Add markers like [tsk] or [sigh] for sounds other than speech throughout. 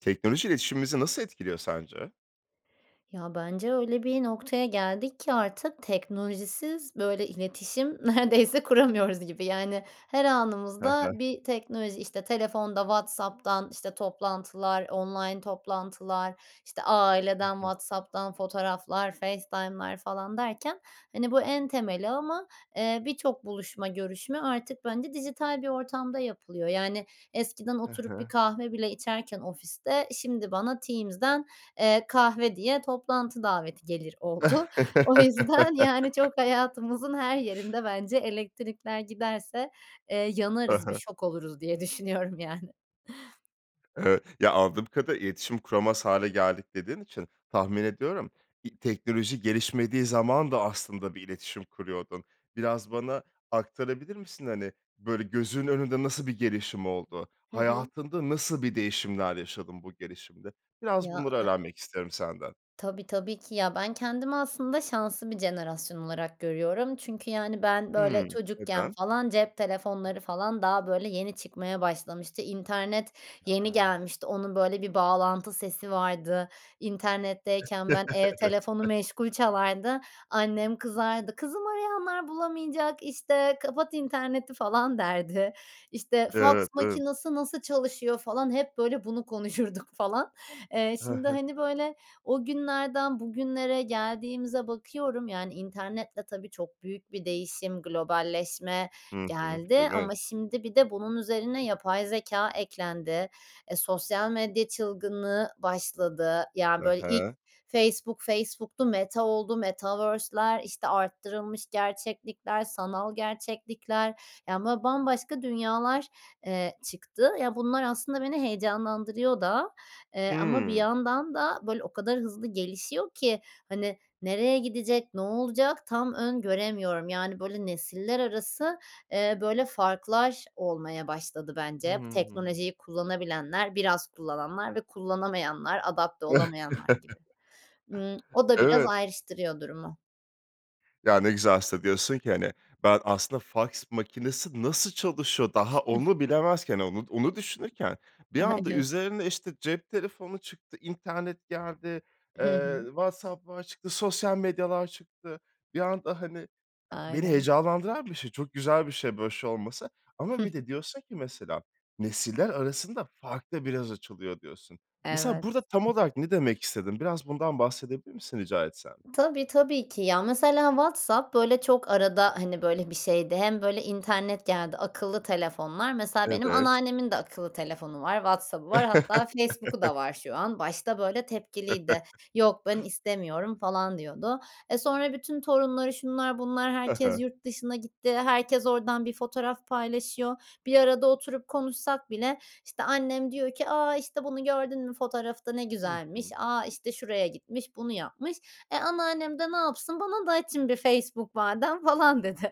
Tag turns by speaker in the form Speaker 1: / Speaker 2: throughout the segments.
Speaker 1: Teknoloji iletişimimizi nasıl etkiliyor sence?
Speaker 2: Ya, bence, öyle bir noktaya geldik ki artık teknolojisiz böyle iletişim neredeyse kuramıyoruz gibi. Yani, her
Speaker 1: Hı
Speaker 2: anımızda
Speaker 1: hı.
Speaker 2: bir teknoloji, işte, telefonda WhatsApp'tan, işte, toplantılar, online toplantılar, işte,
Speaker 1: Hı
Speaker 2: aileden
Speaker 1: hı.
Speaker 2: WhatsApp'tan fotoğraflar, FaceTime'lar falan derken, hani, bu en temeli ama, eee, birçok buluşma görüşme artık, bence, dijital bir ortamda yapılıyor, yani, eskiden
Speaker 1: Hı
Speaker 2: oturup bir
Speaker 1: hı.
Speaker 2: kahve bile içerken ofiste şimdi bana Teams'den, eee, kahve diye toplantı daveti gelir oldu. O yüzden, yani, çok
Speaker 1: [chuckles]
Speaker 2: hayatımızın her yerinde, bence, elektrikler giderse, eee,
Speaker 1: Hı
Speaker 2: yanarız bir
Speaker 1: hı.
Speaker 2: şok oluruz diye düşünüyorum, yani.
Speaker 1: Evet, ya, anladığım kadarıyla, iletişim kuramaz hâle geldik dediğin için tahmin ediyorum i teknoloji gelişmediği zaman da, aslında, bir iletişim kuruyordun. Biraz bana aktarabilir misin? Hani, böyle, gözünün önünde nasıl bir gelişim oldu?
Speaker 2: Hı hı.
Speaker 1: Hayatında nasıl bir değişimler yaşadın bu gelişimde? Biraz
Speaker 2: Ya,
Speaker 1: bunları
Speaker 2: e
Speaker 1: öğrenmek isterim senden.
Speaker 2: Tabii, tabii ki, ya, ben kendimi, aslında, şanslı bir jenerasyon olarak görüyorum çünkü, yani, ben,
Speaker 1: Hıı.
Speaker 2: böyle, çocukken,
Speaker 1: Neden?
Speaker 2: falan, cep telefonları, falan, daha, böyle, yeni çıkmaya başlamıştı, internet yeni
Speaker 1: Ha.
Speaker 2: gelmişti, onun, böyle, bir bağlantı sesi vardı. İnternetteyken, ben,
Speaker 1: [chuckles]
Speaker 2: ev telefonu
Speaker 1: Evet.
Speaker 2: meşgul çalardı. Annem kızardı, "Kızım, arayanlar bulamayacak, işte, kapat interneti," falan, derdi. İşte, faks
Speaker 1: Evet, evet.
Speaker 2: makinesi nasıl çalışıyor, falan, hep, böyle, bunu konuşurduk, falan. Eee,
Speaker 1: Hı
Speaker 2: şimdi,
Speaker 1: hı.
Speaker 2: hani, böyle, o günlerden bugünlere geldiğimize bakıyorum, yani, internetle, tabii, çok büyük bir değişim, globalleşme
Speaker 1: Hı hı. Değil
Speaker 2: geldi
Speaker 1: mi?
Speaker 2: ama şimdi, bir de, bunun üzerine yapay zekâ eklendi. Eee, sosyal medya çılgınlığı başladı. Ya,
Speaker 1: Hı
Speaker 2: böyle, ilk
Speaker 1: hı.
Speaker 2: Facebook, Facebook'tu, Meta oldu, Metaverse'ler, işte, arttırılmış gerçeklikler, sanal gerçeklikler, yani, böyle, bambaşka dünyalar, eee, çıktı. Ya, bunlar, aslında, beni heyecanlandırıyor da, eee, ama bir
Speaker 1: Hıı.
Speaker 2: yandan da, böyle, o kadar hızlı gelişiyor ki, hani, nereye gidecek, ne olacak, tam öngöremiyorum. Yani, böyle, nesiller arası, eee, böyle, farklar olmaya başladı, bence.
Speaker 1: Hıı.
Speaker 2: Teknolojiyi kullanabilenler, biraz kullananlar ve kullanamayanlar, adapte olamayanlar gibi.
Speaker 1: [chuckles]
Speaker 2: Imm, [smacks lips] o da biraz
Speaker 1: Evet.
Speaker 2: ayrıştırıyor durumu.
Speaker 1: Ya ne güzel aslında diyorsun ki hani, ben aslında faks makinesi nasıl çalışıyor, daha onu bilemezken
Speaker 2: [chuckles]
Speaker 1: onu onu düşünürken. Bir anda
Speaker 2: Aynen.
Speaker 1: üzerine işte cep telefonu çıktı, internet geldi,
Speaker 2: Hı
Speaker 1: eee,
Speaker 2: hı.
Speaker 1: WhatsApp falan çıktı, sosyal medyalar çıktı. Bir anda, hani, beni
Speaker 2: Aynen.
Speaker 1: heyecanlandıran bir şey. Çok güzel bir şey böyle bir şey olması
Speaker 2: Hı
Speaker 1: ama bir
Speaker 2: hı.
Speaker 1: de diyorsun ki mesela, "Nesiller arasında fark da biraz açılıyor." Diyorsun. Mesela
Speaker 2: Evet.
Speaker 1: burada tam olarak ne demek istedin biraz bundan bahsedebilir misin rica etsem?
Speaker 2: Tabii, tabii ki. Ya, mesela WhatsApp böyle çok arada, hani, böyle bir şeydi hem böyle internet geldi. Akıllı telefonlar. Mesela benim
Speaker 1: Evet.
Speaker 2: anneannemin de akıllı telefonu var. WhatsApp'ı var. Hatta Facebook'u
Speaker 1: [chuckles]
Speaker 2: da var şu an. Başta böyle tepkiliydi. "Yok ben
Speaker 1: [chuckles]
Speaker 2: istemiyorum." falan diyordu. Eee, sonra bütün torunları, şunlar, bunlar,
Speaker 1: Ha
Speaker 2: herkes
Speaker 1: ha.
Speaker 2: yurt dışına gitti. Herkes oradan bir fotoğraf paylaşıyor. Bir arada oturup konuşsak bile işte annem diyor ki: "A, işte bunu gördün mü fotoğrafta ne
Speaker 1: Hı
Speaker 2: güzelmiş.
Speaker 1: hı.
Speaker 2: A, işte şuraya gitmiş. Bunu yapmış." Eee, anneannem de ne yapsın? "Bana da açın bir Facebook madem." falan dedi.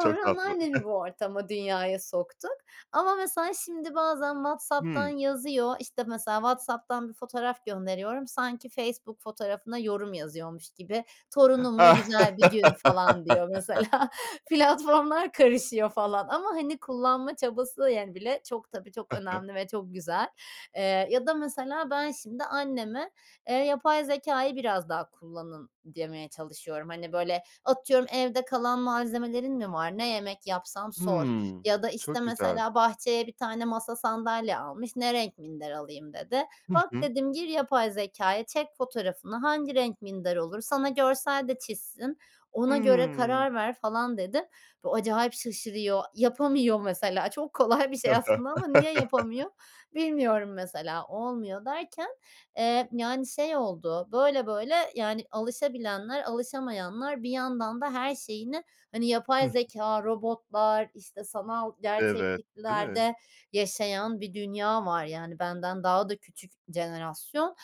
Speaker 1: Çok tatlı.
Speaker 2: anneannemi bu
Speaker 1: [chuckles]
Speaker 2: ortama, dünyaya soktuk. Ama mesela şimdi bazen WhatsApp'tan
Speaker 1: Hıı.
Speaker 2: yazıyor. İşte, mesela WhatsApp'tan 1 fotoğraf gönderiyorum. Sanki Facebook fotoğrafına yorum yazıyormuş gibi. Torunumla güzel bir gün falan diyor mesela.
Speaker 1: [laughs]
Speaker 2: [chuckles] Platformlar karışıyor falan. Ama hani kullanma çabası yani, bile çok tabii çok
Speaker 1: Hı hı.
Speaker 2: önemli ve çok güzel, eee, ya da mesela ben şimdi anneme, eee, yapay zekâyı biraz daha kullanın demeye çalışıyorum. Hani, böyle, atıyorum evde kalan malzemelerin mi var, ne yemek yapsam sor
Speaker 1: Hı.
Speaker 2: ya da işte
Speaker 1: Çok güzel.
Speaker 2: mesela bahçeye 1 tane masa, sandalye almış, "ne renk minder alayım" dedi.
Speaker 1: Hı
Speaker 2: Bak
Speaker 1: hı.
Speaker 2: dedim, gir yapay zekâya, çek fotoğrafını hangi renk minder olur, sana görsel de çizsin. "Ona göre
Speaker 1: Hıı.
Speaker 2: karar ver." falan dedim. Bu acayip şaşırıyor. Yapamıyor mesela. Çok kolay bir şey aslında ama niye
Speaker 1: [chuckles]
Speaker 2: yapamıyor, bilmiyorum mesela. Olmuyor. Derken, eee, yani şey oldu. Böyle, böyle yani alışabilenler, alışamayanlar, bir yandan da her şeyini hani
Speaker 1: Hı
Speaker 2: yapay
Speaker 1: hı.
Speaker 2: zekâ, robotlar, işte sanal
Speaker 1: Evet, değil mi?
Speaker 2: gerçekliklerde yaşayan bir dünya var yani. Benden daha da küçük jenerasyon.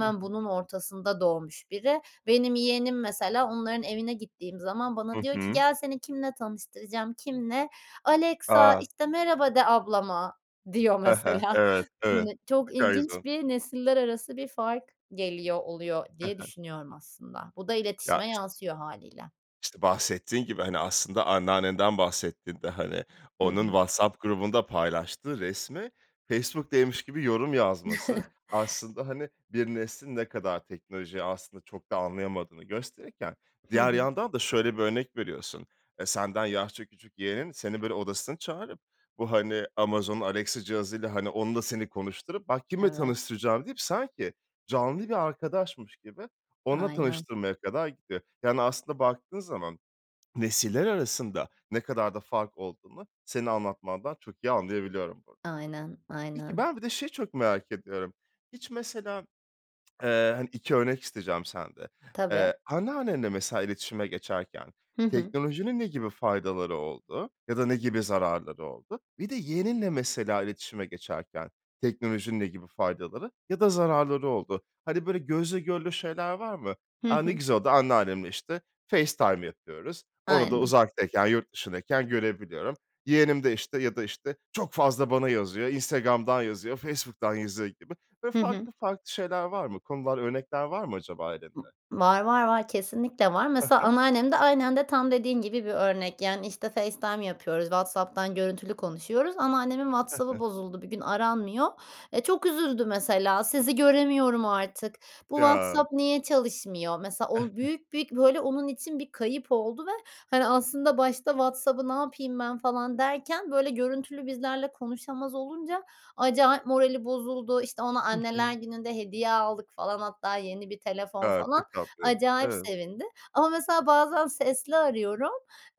Speaker 1: Hı hı.
Speaker 2: bunun ortasında doğmuş biri. Benim yeğenim mesela onların evine gittiğim zaman
Speaker 1: Hı
Speaker 2: bana diyor ki
Speaker 1: hı.
Speaker 2: "gel seni kiminle tanıştıracağım." Kiminle? "Alexa,
Speaker 1: A.
Speaker 2: işte, merhaba de ablama." diyor
Speaker 1: He he,
Speaker 2: mesela.
Speaker 1: evet,
Speaker 2: Imm,
Speaker 1: evet. Ne
Speaker 2: çok
Speaker 1: kadar güzel.
Speaker 2: ilginç bir nesiller arası bir fark geliyor, oluyor
Speaker 1: Hı
Speaker 2: diye
Speaker 1: hı.
Speaker 2: düşünüyorum aslında. Bu da
Speaker 1: Ya
Speaker 2: iletişime
Speaker 1: iş
Speaker 2: yansıyor hâliyle.
Speaker 1: işte bahsettiğin gibi hani aslında anneannenden bahsettin de. Hani,
Speaker 2: Hı
Speaker 1: onun
Speaker 2: hı.
Speaker 1: WhatsApp grubunda paylaştığı resmi Facebook'taymış gibi yorum yazması.
Speaker 2: [chuckles]
Speaker 1: Aslında, hani, bir neslin ne kadar teknolojiyi aslında çok da anlayamadığını gösterirken
Speaker 2: Hı
Speaker 1: diğer
Speaker 2: hı.
Speaker 1: yandan da şöyle bir örnek veriyorsun. Eee, senden yaşça küçük yeğenin seni böyle odasına çağırıp bu, hani, Amazon'un Alexa cihazıyla, hani, onunla seni konuşturup bak kiminle
Speaker 2: Evet.
Speaker 1: tanıştıracağım deyip, sanki canlı bir arkadaşmış gibi onunla
Speaker 2: Aynen.
Speaker 1: tanıştırmaya kadar gidiyor. Yani aslında baktığın zaman [swallows] nesiller arasında ne kadar da fark olduğunu senin anlatmandan çok iyi anlayabiliyorum burada.
Speaker 2: Aynen,
Speaker 1: Peki,
Speaker 2: aynen.
Speaker 1: ben bir de şeyi çok merak ediyorum. Hiç mesela, [tsk] eee, hani 2 örnek isteyeceğim sende.
Speaker 2: Tabii.
Speaker 1: Eee, anneannenle mesela iletişime geçerken
Speaker 2: Hı hı.
Speaker 1: teknolojinin ne gibi faydaları oldu ya da ne gibi zararları oldu? Bir de yeğeninle mesela iletişime geçerken teknolojinin ne gibi faydaları ya da zararları oldu? Hani böyle gözle görülür şeyler var mı?
Speaker 2: Hı
Speaker 1: A, ne
Speaker 2: hı.
Speaker 1: güzel oldu, anneannemle işte FaceTime yapıyoruz. Onu da
Speaker 2: Aynen.
Speaker 1: uzaktayken, yurt dışındayken görebiliyorum. Yeğenim de işte ya da işte, çok fazla bana yazıyor, Instagram'dan yazıyor. Facebook'tan yazıyor gibi ve
Speaker 2: Hı hı.
Speaker 1: farklı, farklı şeyler var mı? Konular örnekler var mı acaba ailende?
Speaker 2: Var, var, var. Kesinlikle var.
Speaker 1: Hı
Speaker 2: Mesela
Speaker 1: hı.
Speaker 2: anneannem de aynen de tam dediğin gibi bir örnek. Yani işte FaceTime yapıyoruz, WhatsApp'tan görüntülü konuşuyoruz ama annemin
Speaker 1: He
Speaker 2: WhatsApp'ı
Speaker 1: he.
Speaker 2: bozuldu bir gün aranmıyor. Eee, çok üzüldü mesela sizi göremiyorum artık, bu
Speaker 1: Ya.
Speaker 2: WhatsApp niye çalışmıyor. Mesela o
Speaker 1: [chuckles]
Speaker 2: büyük bir, böyle onun için bir kayıp oldu ve hani aslında başta WhatsApp'ı ne yapayım ben falan derken böyle görüntülü bizlerle konuşamaz olunca acayip morali bozuldu. İşte ona
Speaker 1: Hı
Speaker 2: Anneler
Speaker 1: hı.
Speaker 2: Günü'nde hediye aldık falan. Hatta yeni 1 telefon
Speaker 1: Ya,
Speaker 2: falan.
Speaker 1: çok tatlı.
Speaker 2: Acayip
Speaker 1: Evet.
Speaker 2: sevindi. Ama mesela bazen sesli arıyorum.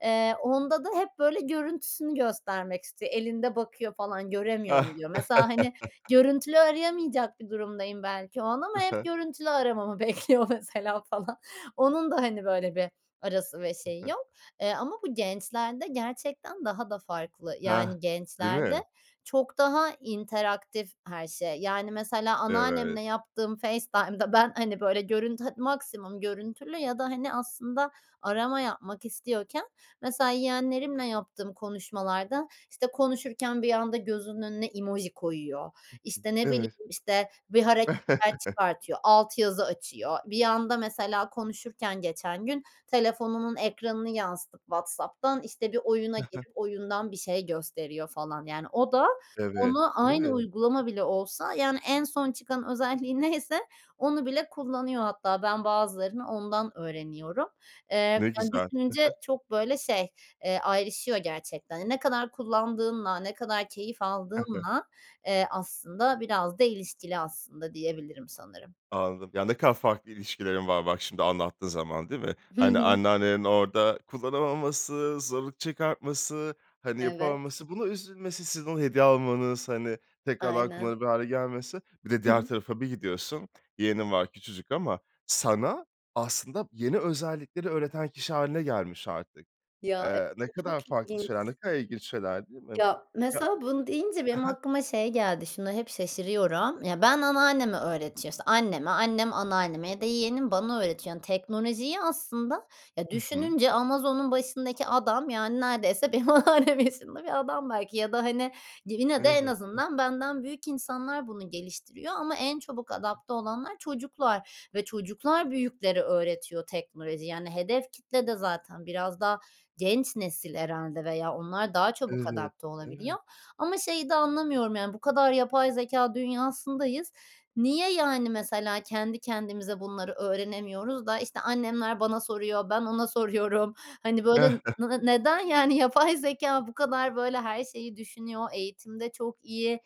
Speaker 2: Eee, onda da hep böyle görüntüsünü göstermek istiyor. Elinde bakıyor falan, göremiyorum diyor. Mesela hani
Speaker 1: [laughs]
Speaker 2: görüntülü arayamayacak bir durumdayım belki o an.
Speaker 1: Hı
Speaker 2: Ama hep
Speaker 1: hı.
Speaker 2: görüntülü aramamı bekliyor mesela falan. Onun da hani böyle bir arası ve
Speaker 1: Hı
Speaker 2: şeyi
Speaker 1: hı.
Speaker 2: yok. Eee, ama bu gençlerde gerçekten daha da farklı.
Speaker 1: Heh.
Speaker 2: Yani
Speaker 1: Değil
Speaker 2: gençlerde
Speaker 1: mi?
Speaker 2: çok daha interaktif her şey. Yani mesela
Speaker 1: Evet.
Speaker 2: anneannemle yaptığım FaceTime'da ben hani böyle görüntü het maksimum görüntülü ya da hani aslında arama yapmak istiyorken mesela yeğenlerimle yaptığım konuşmalarda, işte, konuşurken bir anda gözünün önüne emoji koyuyor.
Speaker 1: Hı
Speaker 2: İşte
Speaker 1: hı.
Speaker 2: ne bileyim,
Speaker 1: Evet.
Speaker 2: işte bir hareketler
Speaker 1: [chuckles]
Speaker 2: çıkartıyor. Alt yazı açıyor. Bir anda mesela konuşurken geçen gün, telefonunun ekranını yansıtıp WhatsApp'tan, işte bir oyuna
Speaker 1: He he.
Speaker 2: girip oyundan bir şey gösteriyor falan. Yani o da,
Speaker 1: Evet,
Speaker 2: onu
Speaker 1: değil
Speaker 2: aynı
Speaker 1: mi?
Speaker 2: uygulama bile olsa, yani, en son çıkan özelliği neyse onu bile kullanıyor hatta. Ben bazılarını ondan öğreniyorum. Eee,
Speaker 1: Ne
Speaker 2: yani
Speaker 1: güzel. Hı
Speaker 2: düşününce
Speaker 1: hı.
Speaker 2: çok böyle şey, eee, ayrışıyor gerçekten. Ne kadar kullandığınla, ne kadar keyif
Speaker 1: Hı hı.
Speaker 2: aldığınla, eee, aslında biraz da ilişkili aslında diyebilirim sanırım.
Speaker 1: Anladım. Ya ne kadar farklı ilişkilerin var bak şimdi anlattığın zaman. Değil mi?
Speaker 2: Hı
Speaker 1: Hani
Speaker 2: hı.
Speaker 1: anneannelerin orada kullanamaması, zorluk çıkartması, hani
Speaker 2: Evet.
Speaker 1: yapamaması, buna üzülmesi, sizin ona hediye almanız, hani, tekrardan
Speaker 2: Aynen.
Speaker 1: kullanılabilir hâle gelmesi. Bir de
Speaker 2: Hı
Speaker 1: diğer
Speaker 2: hı.
Speaker 1: tarafa bir gidiyorsun. Yeğenin var küçücük ama sana aslında yeni özellikleri öğreten kişi hâline gelmiş artık.
Speaker 2: Ya
Speaker 1: Eee, ne
Speaker 2: [unintelligible] çok
Speaker 1: kadar farklı
Speaker 2: ilginç.
Speaker 1: şeyler, ne kadar ilginç şeyler değil mi?
Speaker 2: Ya,
Speaker 1: Ya.
Speaker 2: mesela bunu deyince benim
Speaker 1: Hı hı.
Speaker 2: aklıma şey geldi. Şuna hep şaşırıyorum. Ya, ben anneanneme öğretiyor işte anneme, annem anneanneme ya da yeğenim bana öğretiyor. Yani teknolojiyi aslında ya,
Speaker 1: Hı hı.
Speaker 2: düşününce Amazon'un başındaki adam yani neredeyse benim anneannem yaşında bir adam belki ya da hani yine de en
Speaker 1: Elbette.
Speaker 2: azından benden büyük insanlar bunu geliştiriyor. Ama en çabuk
Speaker 1: Hı hı.
Speaker 2: adapte olanlar çocuklar ve çocuklar büyüklere öğretiyor teknolojiyi. Yani hedef kitle de zaten biraz daha genç nesil herhâlde veya onlar daha çabuk
Speaker 1: Evet,
Speaker 2: adapte olabiliyor.
Speaker 1: evet.
Speaker 2: Ama şeyi de anlamıyorum. Yani bu kadar yapay zekâ dünyasındayız. Niye, yani, mesela, kendi kendimize bunları öğrenemiyoruz da işte annemler bana soruyor ben ona soruyorum. Hani böyle
Speaker 1: [chuckles]
Speaker 2: nı neden yani yapay zekâ bu kadar böyle her şeyi düşünüyor. Eğitimde çok iyi,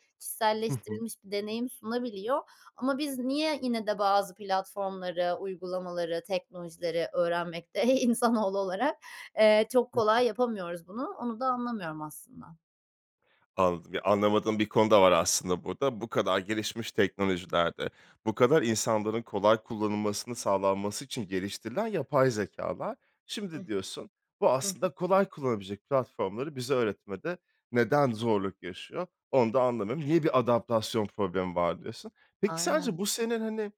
Speaker 1: Hı hı.
Speaker 2: kişiselleştirilmiş bir deneyim sunabiliyor. Ama biz niye yine de bazı platformları, uygulamaları, teknolojileri öğrenmekte, iii, insanoğlu olarak, eee, çok kolay yapamıyoruz bunu. Onu da anlamıyorum aslında.
Speaker 1: Anladım. Yani, anlamadığım bir konu da var, aslında, burada. Bu kadar gelişmiş teknolojilerde, bu kadar insanların kolay kullanılmasının sağlanması için geliştirilen yapay zekâlar.
Speaker 2: Hıh.
Speaker 1: Şimdi diyorsun, bu,
Speaker 2: Hı hı.
Speaker 1: aslında, kolay kullanılabilecek platformları bize öğretmede neden zorluk yaşıyor, onu da anlamıyorum. Niye bir adaptasyon problemi var, diyorsun. Peki, sence
Speaker 2: Aynen.
Speaker 1: bu senin, hani,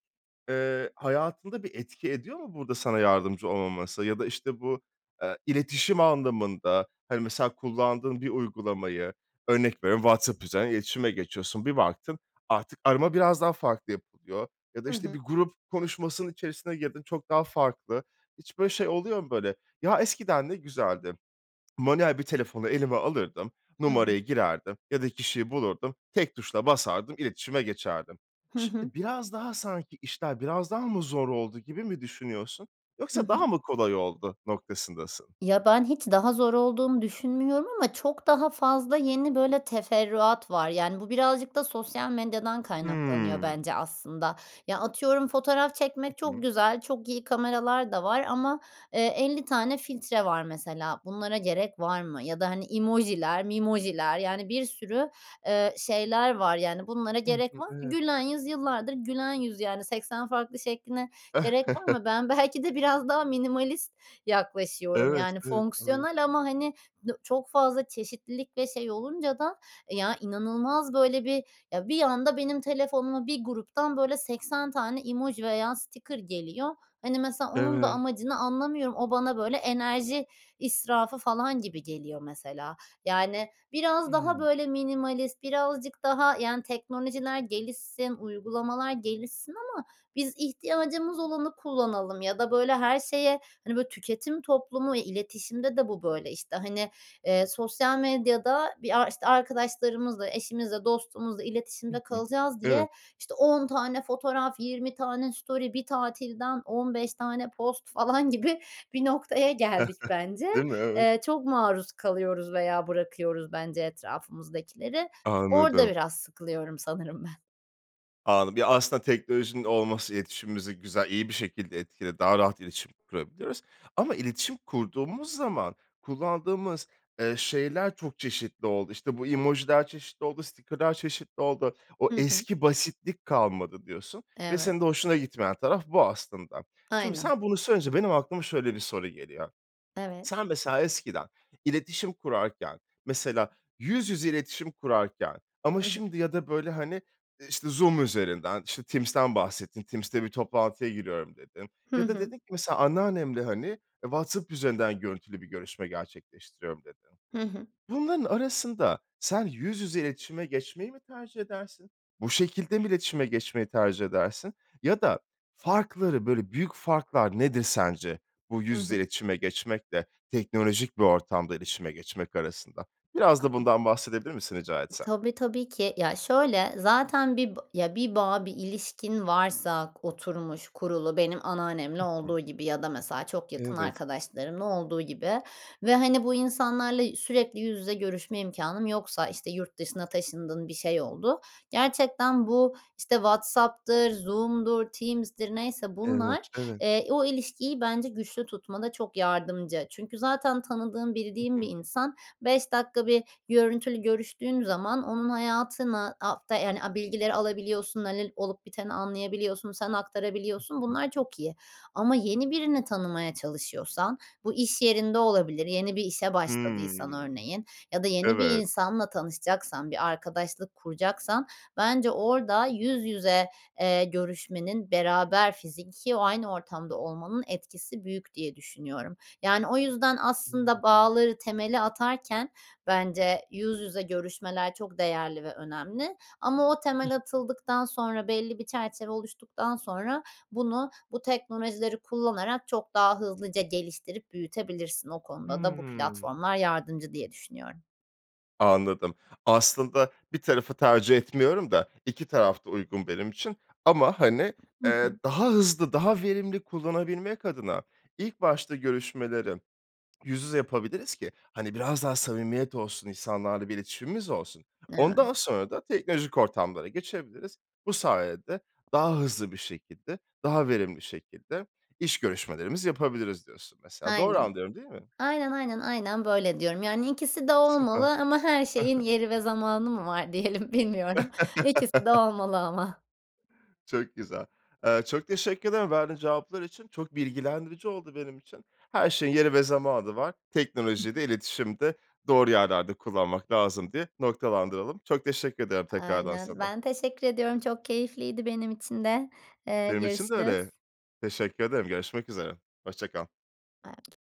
Speaker 1: eee, hayatında bir etki ediyor mu? Burada sana yardımcı olmaması ya da, işte, bu, eee, iletişim anlamında, hani, mesela, kullandığın bir uygulamayı örnek veriyorum, WhatsApp üzerinden iletişime geçiyorsun. Bir baktın artık arama biraz daha farklı yapılıyor. Ya da,
Speaker 2: Hı
Speaker 1: işte,
Speaker 2: hı.
Speaker 1: bir grup konuşmasının içerisine girdin çok daha farklı. Hiç böyle şey oluyor mu, böyle? Ya, eskiden ne güzeldi. [swallows] Manuel bir telefonu elime alırdım,
Speaker 2: Hı hı.
Speaker 1: numarayı girerdim ya da kişiyi bulurdum tek tuşla basardım iletişime geçerdim.
Speaker 2: Hı
Speaker 1: Şimdi
Speaker 2: hı.
Speaker 1: biraz daha sanki işler biraz daha mı zor oldu gibi mi düşünüyorsun?
Speaker 2: Hı
Speaker 1: Yoksa
Speaker 2: hı.
Speaker 1: daha mı kolay oldu noktasındasın?
Speaker 2: Ya, ben hiç daha zor olduğunu düşünmüyorum ama çok daha fazla yeni, böyle, teferruat var, yani, bu birazcık da sosyal medyadan kaynaklanıyor,
Speaker 1: Hımm.
Speaker 2: bence, aslında. Ya, atıyorum, fotoğraf
Speaker 1: Hı
Speaker 2: çekmek çok
Speaker 1: hı.
Speaker 2: güzel, çok iyi kameralar da var ama, eee, 50 tane filtre var, mesela. Bunlara gerek var mı ya da, hani, emoji'ler memoji'ler yani, bir sürü, eee, şeyler var, yani, bunlara
Speaker 1: Hı
Speaker 2: gerek
Speaker 1: hı.
Speaker 2: var mı?
Speaker 1: Evet.
Speaker 2: Gülen yüz yıllardır gülen yüz, yani, 80 farklı şekline gerek var
Speaker 1: [chuckles]
Speaker 2: mı? Ben belki de biraz daha minimalist yaklaşıyorum, yani,
Speaker 1: Evet. Evet. Aynen.
Speaker 2: fonksiyonel ama, hani, dı çok fazla çeşitlilik ve şey olunca da, ya, inanılmaz, böyle, bir, ya, bir anda benim telefonuma bir gruptan, böyle, 80 tane emoji veya sticker geliyor. Hani, mesela, onun da
Speaker 1: Evet.
Speaker 2: amacını anlamıyorum. O bana, böyle, enerji israfı falan gibi geliyor, mesela. Yani, biraz daha,
Speaker 1: Hımm.
Speaker 2: böyle, minimalist birazcık daha, yani, teknolojiler gelişsin, uygulamalar gelişsin ama biz ihtiyacımız olanı kullanalım ya da, böyle, her şeye, hani, böyle, tüketim toplumu iletişimde de bu böyle. İşte, hani, eee, sosyal medyada bir ar işte, arkadaşlarımızla, eşimizle, dostumuzla
Speaker 1: Hı
Speaker 2: iletişimde
Speaker 1: hı.
Speaker 2: kalacağız
Speaker 1: Evet.
Speaker 2: diye, işte, 10 tane fotoğraf, 20 tane story bir tatilden 15 tane post falan gibi bir noktaya geldik,
Speaker 1: [chuckles]
Speaker 2: bence.
Speaker 1: Değil mi? Evet.
Speaker 2: Eee, çok maruz kalıyoruz veya bırakıyoruz, bence, etrafımızdakileri. Orada
Speaker 1: Anladım.
Speaker 2: biraz sıkılıyorum, sanırım, ben.
Speaker 1: Anladım. Bir, aslında, teknolojinin olması iletişimimizi güzel, iyi bir şekilde etkiledi. Daha rahat iletişim kurabiliyoruz ama iletişim kurduğumuz zaman kullandığımız, eee, şeyler çok çeşitli oldu. İşte, bu emojiler çeşitli oldu, sticker'lar çeşitli oldu. O
Speaker 2: Hı hı.
Speaker 1: eski basitlik kalmadı diyorsun ve
Speaker 2: Evet.
Speaker 1: senin de hoşuna gitmeyen taraf bu, aslında. Şimdi
Speaker 2: Aynen.
Speaker 1: sen bunu söyleyince benim aklıma şöyle bir soru geliyor.
Speaker 2: Evet.
Speaker 1: Sen, mesela, eskiden iletişim kurarken, mesela, yüz yüze iletişim kurarken ama
Speaker 2: Hı hı.
Speaker 1: şimdi ya da, böyle, hani, işte, Zoom üzerinden, işte, Teams'ten bahsettin, Teams'te bir toplantıya giriyorum, dedim.
Speaker 2: Hı
Speaker 1: Ya da
Speaker 2: hı.
Speaker 1: dedin ki, mesela, anneannemle, hani, eee, WhatsApp üzerinden görüntülü bir görüşme gerçekleştiriyorum, dedin.
Speaker 2: Hı hı.
Speaker 1: Bunların arasında sen yüz yüze iletişime geçmeyi mi tercih edersin? Bu şekilde mi iletişime geçmeyi tercih edersin? Ya da farkları, böyle, büyük farklar nedir, sence, bu
Speaker 2: I
Speaker 1: yüz yüze
Speaker 2: hı.
Speaker 1: iletişime geçmekle teknolojik bir ortamda iletişime geçmek arasında? Biraz da bundan bahsedebilir misin rica
Speaker 2: [unintelligible]
Speaker 1: etsem?
Speaker 2: Tabii, tabii ki. Ya, şöyle, zaten bir bi ya, bir bağ, bir ilişkin varsa k oturmuş, kurulu benim anneannemle
Speaker 1: I hı.
Speaker 2: olduğu gibi ya da, mesela, çok yakın
Speaker 1: Evet.
Speaker 2: arkadaşlarımla olduğu gibi ve, hani, bu insanlarla i sürekli yüz yüze görüşme imkânım yoksa, işte, yurt dışına taşındın, bir şey oldu. Gerçekten bu, işte, WhatsApp'tır, Zoom'dur, Teams'dir neyse
Speaker 1: Evet,
Speaker 2: bunlar,
Speaker 1: evet.
Speaker 2: eee, o ilişkiyi, bence, güçlü tutmada çok yardımcı. Çünkü zaten tanıdığın,
Speaker 1: Hı
Speaker 2: bildiğin
Speaker 1: hı.
Speaker 2: bir insan 5 dakika bir görüntülü görüştüğün zaman onun hayatına hafta yani, a bilgileri alabiliyorsun, hani, l olup biteni anlayabiliyorsun, sen
Speaker 1: Hı
Speaker 2: aktarabiliyorsun.
Speaker 1: hı.
Speaker 2: Bunlar çok iyi ama yeni birini tanımaya çalışıyorsan bu iş yerinde olabilir, yeni bir işe başladıysan,
Speaker 1: Hımm.
Speaker 2: örneğin, ya da yeni bir
Speaker 1: Evet.
Speaker 2: insanla tanışacaksan, bir arkadaşlık kuracaksan, bence, orada yüz yüze, eee, görüşmenin beraber fiziki o aynı ortamda olmanın etkisi büyük diye düşünüyorum. Yani, o yüzden, aslında,
Speaker 1: [unintelligible]
Speaker 2: bağları, temeli atarken, bence, yüz yüze görüşmeler çok değerli ve önemli ama o
Speaker 1: [unintelligible]
Speaker 2: temel atıldıktan sonra, belli bir çerçeve oluştuktan sonra bunu bu teknolojileri kullanarak çok daha hızlıca geliştirip büyütebilirsin. O konuda da bu
Speaker 1: Hımm.
Speaker 2: platformlar yardımcı diye düşünüyorum.
Speaker 1: Anladım. Aslında, 1 tarafı tercih etmiyorum da 2 taraf da uygun benim için. Ama, hani,
Speaker 2: Hı
Speaker 1: eee,
Speaker 2: hı.
Speaker 1: daha hızlı, daha verimli kullanabilmek adına ilk başta görüşmeleri [swallows] yüz yüze yapabiliriz ki, hani, biraz daha samimiyet olsun, insanlarla bir iletişimimiz olsun. Ondan
Speaker 2: Evet.
Speaker 1: sonra da teknolojik ortamlara geçebiliriz. Bu sayede daha hızlı bir şekilde, daha verimli şekilde iş görüşmelerimizi yapabiliriz diyorsun, mesela. Doğru
Speaker 2: Aynen.
Speaker 1: anlıyorum, değil mi?
Speaker 2: Aynen, aynen, aynen böyle diyorum. Yani, ikisi de
Speaker 1: Süper. Ha
Speaker 2: olmalı ama her şeyin
Speaker 1: ha.
Speaker 2: yeri ve zamanı mı var diyelim. Bilmiyorum. İkisi de
Speaker 1: [chuckles]
Speaker 2: olmalı ama.
Speaker 1: Çok güzel. Eee, çok teşekkür ederim verdiğin cevaplar için. Çok bilgilendirici oldu benim için. Her şeyin yeri ve zamanı var. Teknolojiyi
Speaker 2: [unintelligible]
Speaker 1: de, iletişimi de doğru yerlerde kullanmak lazım diye noktalandıralım. Çok teşekkür ederim, tekrardan
Speaker 2: Aynen.
Speaker 1: sana.
Speaker 2: Ben teşekkür ediyorum. Çok keyifliydi benim için de. Eee,
Speaker 1: Benim için de öyle.
Speaker 2: görüşürüz.
Speaker 1: Teşekkür ederim, görüşmek üzere. Hoşça kal.
Speaker 2: [unintelligible]